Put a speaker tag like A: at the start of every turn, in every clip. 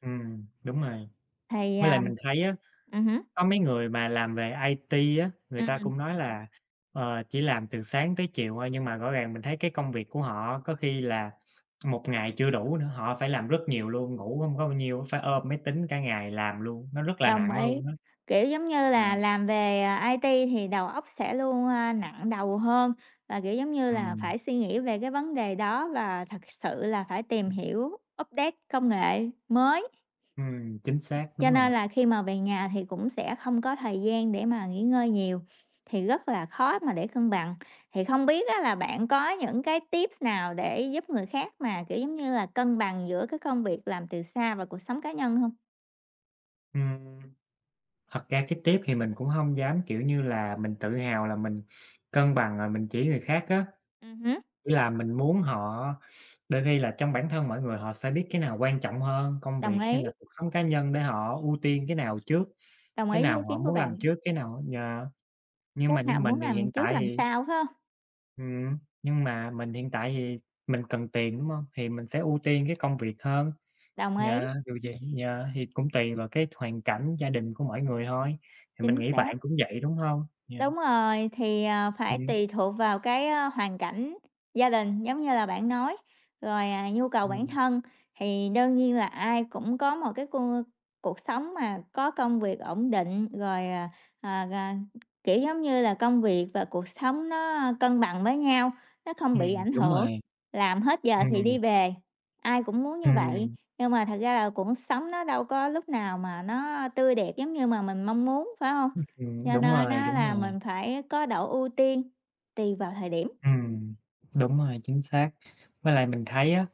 A: Ừm, đúng rồi.
B: Thì,
A: Với lại
B: à
A: mình thấy á,
B: ừm hứm.
A: có mấy người mà làm về IT á, người ta
B: Ừm.
A: cũng nói là, ờ, chỉ làm từ sáng tới chiều thôi, nhưng mà rõ ràng mình thấy cái công việc của họ có khi là một ngày chưa đủ nữa, họ phải làm rất nhiều luôn, ngủ hông có bao nhiêu á, phải ôm máy tính cả ngày làm luôn, nó rất là
B: Đồng
A: nặng
B: ý.
A: luôn á.
B: Kiểu, giống như là,
A: Yeah.
B: làm về, ờ, IT thì đầu óc sẽ luôn, a, nặng đầu hơn và, kiểu, giống như là,
A: Ừm.
B: phải suy nghĩ về cái vấn đề đó và thật sự là phải tìm hiểu update công nghệ mới.
A: Ừm, chính xác,
B: Cho
A: đúng rồi.
B: nên là khi mà về nhà thì cũng sẽ không có thời gian để mà nghỉ ngơi nhiều, thì rất là khó mà để cân bằng. Thì không biết á là bạn có những cái tips nào để giúp người khác mà, kiểu, giống như là cân bằng giữa cái công việc làm từ xa và cuộc sống cá nhân hông?
A: Ừm, thật ra cái tip thì mình cũng hông dám, kiểu như là, mình tự hào là mình cân bằng rồi mình chỉ người khác á.
B: Ừm hứm.
A: Ý là mình muốn họ đôi khi là trong bản thân mỗi người, họ sẽ biết cái nào quan trọng hơn, công
B: Đồng
A: việc hay
B: ý.
A: là cuộc sống cá nhân để họ ưu tiên cái nào trước,
B: Đồng
A: cái
B: ý với ý
A: nào họ
B: kiến của
A: muốn làm
B: bạn.
A: trước cái nào á, yeah. Nhưng mà
B: Lúc
A: như
B: nào
A: mình
B: muốn
A: thì
B: làm
A: hiện
B: trước
A: tại
B: làm
A: thì
B: sau, phải hông?
A: Ừm, nhưng mà mình hiện tại thì mình cần tiền, đúng hông? Thì mình sẽ ưu tiên cái công việc hơn.
B: Đồng ý.
A: Yeah, dù gì Yeah, thì cũng tùy vào cái hoàn cảnh gia đình của mỗi người thôi, thì mình
B: Chính
A: nghĩ
B: xác.
A: bạn cũng vậy đúng hông? Yeah.
B: Đúng rồi. Thì, à, phải
A: Ừm.
B: tùy thuộc vào cái, ơ, hoàn cảnh gia đình giống như là bạn nói, rồi, à, nhu cầu bản
A: Ừm.
B: thân. Thì đương nhiên là ai cũng có một cái cuộc cuộc sống mà có công việc ổn định rồi, à, à, à, kiểu, giống như là, công việc và cuộc sống nó, ơ, cân bằng với nhau, nó không bị
A: Ừm,
B: ảnh
A: đúng
B: hưởng,
A: rồi.
B: làm hết giờ thì
A: Ừm.
B: đi về. Ai cũng muốn như vậy,
A: Ừm.
B: nhưng mà thật ra là cuộc sống nó đâu có lúc nào mà nó, ơ, tươi đẹp giống như mà mình mong muốn, phải hông?
A: Ừm.
B: Cho
A: Đúng
B: nên
A: rồi,
B: á
A: đúng
B: là
A: rồi.
B: mình phải có độ ưu tiên tùy vào thời điểm.
A: Ừm, đúng
B: Ừm.
A: rồi, chính xác! Với lại mình thấy á,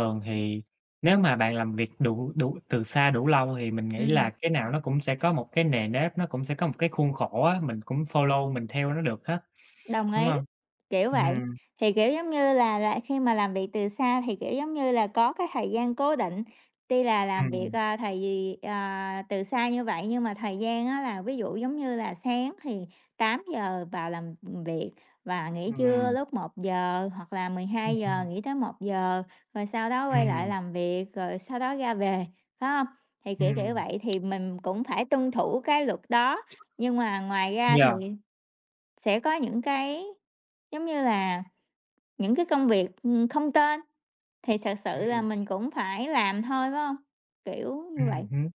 B: Ừm hứm.
A: thì nếu mà bạn làm việc đủ đủ từ xa đủ lâu thì mình nghĩ
B: Ừm.
A: là cái nào nó cũng sẽ có một cái nề nếp, nó cũng sẽ có một cái khuôn khổ á, mình cũng follow mình theo nó được á,
B: Đồng
A: đúng
B: ý,
A: hông?
B: kiểu, vậy.
A: Ừm.
B: Thì, kiểu như là là, khi mà làm việc từ xa thì, kiểu, giống như là, có cái thời gian cố định. Tuy là làm việc,
A: Ừm.
B: à, thì, à, từ xa như vậy nhưng mà thời gian á là ví dụ, giống như là, sáng thì 8 giờ vào làm việc và nghỉ trưa
A: Ừm.
B: lúc 1 giờ, hoặc là mười
A: Ừm,
B: hai giờ
A: ừm.
B: nghỉ tới 1 giờ, rồi sau đó quay lại
A: Ừm.
B: làm việc, rồi sau đó ra về, phải hông? Thì kiểu kiểu
A: Ừm.
B: vậy, thì mình cũng phải tuân thủ cái luật đó. Nhưng mà ngoài ra thì
A: Yeah.
B: sẽ có những cái, giống như là, những cái công việc, ừm, không tên, thì thật sự là
A: Ừm.
B: mình cũng phải làm thôi phải hông? Kiểu như
A: Ừm
B: vậy.
A: hứm.